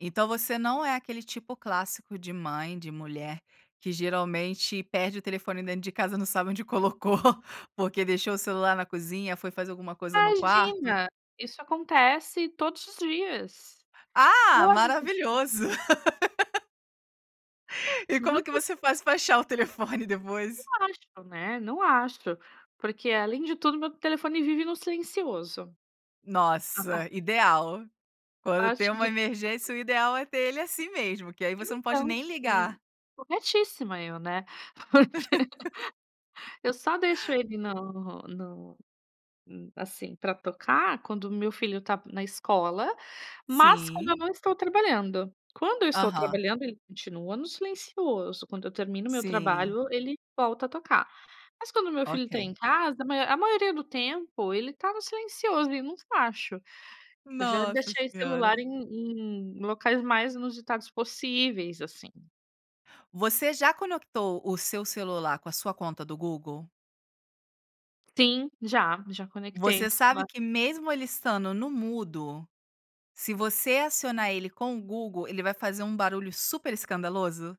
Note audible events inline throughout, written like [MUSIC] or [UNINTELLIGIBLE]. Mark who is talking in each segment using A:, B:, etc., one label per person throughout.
A: Então você não é aquele tipo clássico de mãe, de mulher, que geralmente perde o telefone dentro de casa e não sabe onde colocou, porque deixou o celular na cozinha, foi fazer alguma coisa no quarto.
B: Imagina! Isso acontece todos os dias.
A: Ah!
B: Todos os di
A: Maravilhoso! [LAUGHS] E como que
B: Justamente.
A: você faz pra achar o telefone
B: Não
A: depois?
B: acho, né, não acho. Porque além de tudo meu telefone vive no silencioso. A par
A: Nossa, ideal. Quando tem
B: Parte
A: uma
B: do [UNINTELLIGIBLE]
A: emergência o ideal é ter ele assim mesmo, que aí você não pode
B: Então,
A: nem
B: sim.
A: ligar.
B: Corretíssima eu, né. Porque eu só deixo
A: [LAUGHS]
B: ele no no hum, assim pra tocar, quando o meu filho tá na escola, mas quando
A: Sim.
B: eu não estou trabalhando. Quando eu estou
A: Aham.
B: trabalhando ele continua no silencioso, quando eu termino o meu
A: Sim.
B: trabalho ele volta a tocar. Mas quando o meu filho tá
A: Ok.
B: em casa, a maior a maioria do tempo, ele tá no silencioso, ele não f acho. Eu já
A: Nossa
B: deixei o celular
A: Senhora.
B: em em locais mais inusitados possíveis, assim.
A: Você já conectou o seu celular com a sua conta do Google?
B: Sim, já. Já conectei o
A: Você sabe
B: celular.
A: que mesmo ele estando no mudo, se você acionar ele com o Google, ele vai fazer um barulho super escandaloso?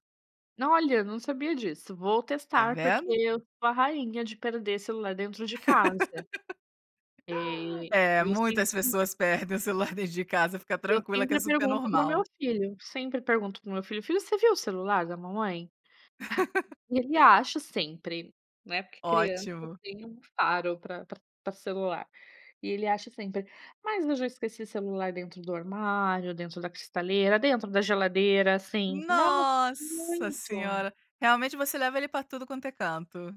B: N olha, eu não sabia disso, vou
A: Tá
B: testar, porque
A: vendo?
B: eu sou a rainha de perder celular dentro de casa.
A: [LAUGHS]
B: E
A: É,
B: eu
A: muitas
B: sempre
A: pessoas perdem o celular dentro de casa, fica
B: Eu
A: tranquila que é
B: sempre
A: super
B: pergunto para o meu
A: normal.
B: filho. Sempre pergunto para o meu filho: "Filho, você viu o celular da mamãe?" Ah,
A: [LAUGHS]
B: e ele acha sempre, né, porque criança
A: Ótimo.
B: tem um faro pra pra pra celular, e ele acha sempre. Mas eu já esqueci celular dentro do armário, dentro da cristaleira, dentro da geladeira. Sim, nossa,
A: Nossa
B: muito.
A: Senhora! Realmente você leva ele pra tudo quanto é canto.